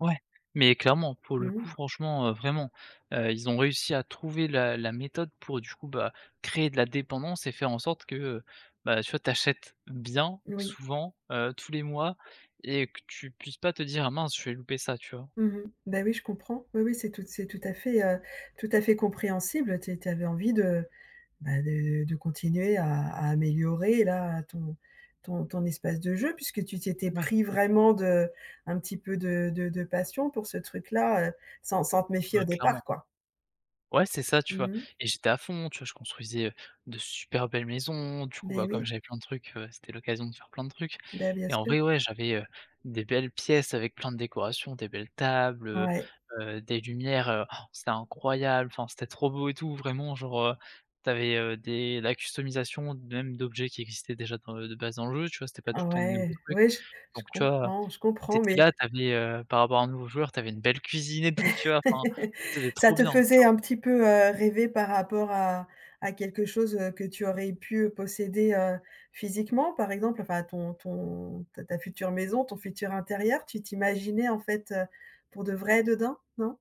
Ouais! Mais clairement. Pour le Mmh mh. coup franchement, heu, vraiment, heu, ils ont réussi à trouver la la méthode pour du coup, bah, créer de la dépendance et faire en sorte que, heu, bah, tu vois, tu achètes bien, Oui. souvent, heu, tous les mois et que tu puisses pas te dire: «Mince je vais louper ça». Tu vois? Mmh mh. Beh, oui, je comprends. Oui, oui, c'est tout, c'est tout à fait, heu, tout à fait compréhensible, heu, tu é tu é tu avais envie de, bah, de de continuer à à améliorer là, ton ton ton espace de jeu, puisque tu t'étais Ouais. pris vraiment de un petit peu de de de passion pour ce truc-là, heu, sans sans te méfier Ouais, au clairement. départ, quoi. Ouais, c'est ça, tu vois? Mmh mh. Et j'étais à fond, tu vois, je construisais, heu, de super belles maisons, du coup Beh bah comme oui. j'avais plein de trucs, heu, c'était l'occasion de faire plein de trucs Beh, bien et en sûr. vrai, ouais, j'avais, heu, des belles pièces avec plein de décorations, des belles tables, heu Ouais. heu, des lumières, heu, c'est incroyable, enfin c'était trop beau et tout, vraiment genre, heu, tu avais, heu, des, la customisation d même d'objets qui existaient déjà, enfin, heu, de base dans le jeu, tu vois, c'était pas tout le temps de nouveaux Ouais! trucs. Ouais, j je Donc tu vois, comprends, je tu comprends étais mais là, tu avais, heu, par rapport à un nouveau joueur, tu avais une belle cuisine et tout, tu vois? Enfin, c'était Ça trop te bien. faisait un Genre petit peu, heu, rêver par rapport à à quelque chose, heu, que tu aurais pu, heu, posséder, heu, physiquement? Par exemple, enfin, ton ton ta ta future maison, ton futur intérieur, tu t'imaginais, en fait, heu, pour de vrai, dedans, non?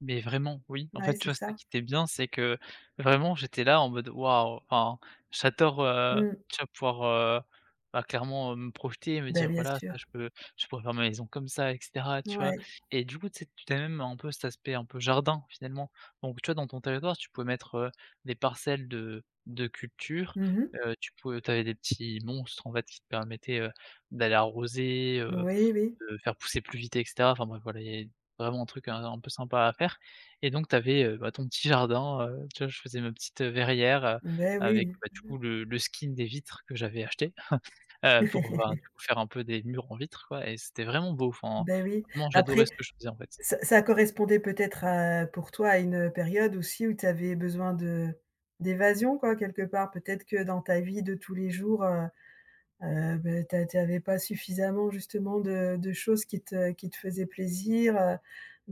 Mais vraiment, oui. En Bah fait, ouais tu c'est vois, c'est ça ça. qui était bien, c'est que vraiment j'étais là en mode: «Waouh» Enfin, j'adore, heu, Mmh. tu vois, pouvoir, heu, bah, clairement, heu, me projeter, me Beh, dire: bien «Voilà sûr. ça, je peux, je pourrais faire ma maison comme ça et cetera». Tu vois? Ouais. Et du coup, tu sais, tu tu avais même un peu cet aspect un peu jardin, finalement. Donc, tu vois, dans ton territoire, tu pouvais mettre, heu, des parcelles de de culture, Mmh mh. heu, tu pou tu avais des petits monstres, en fait, qui te permettaient, heu, d'aller arroser, heu, Oui, oui. de faire pousser plus vite et cetera. Enfin bref voilà, il y avait vraiment un truc un un peu sympa à faire et donc, tu avais, heu, bah, ton petit jardin, heu, tu vois, je faisais ma petite, heu, verrière, heu, Beh oui! Mmh avec, bah du coup le mh. le skin des vitres que j'avais acheté, heu, pour ben, pour faire un peu des murs en vitre, quoi et c'était vraiment beau. Enfin, Beh oui. vraiment Après, j'adorais ce que je faisais, en fait. ç ça correspondait peut-être à, pour toi, à une période aussi où tu avais besoin de d'évasion, quoi, quelque part? Peut-être que dans ta vie de tous les jours, heu heu, beh tu a tu avais pas suffisamment justement de de choses qui te qui te faisaient plaisir, heu,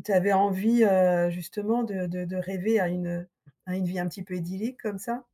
tu avais envie, heu, justement, de de de rêver à une, heu, à une vie un petit peu idyllique, comme ça?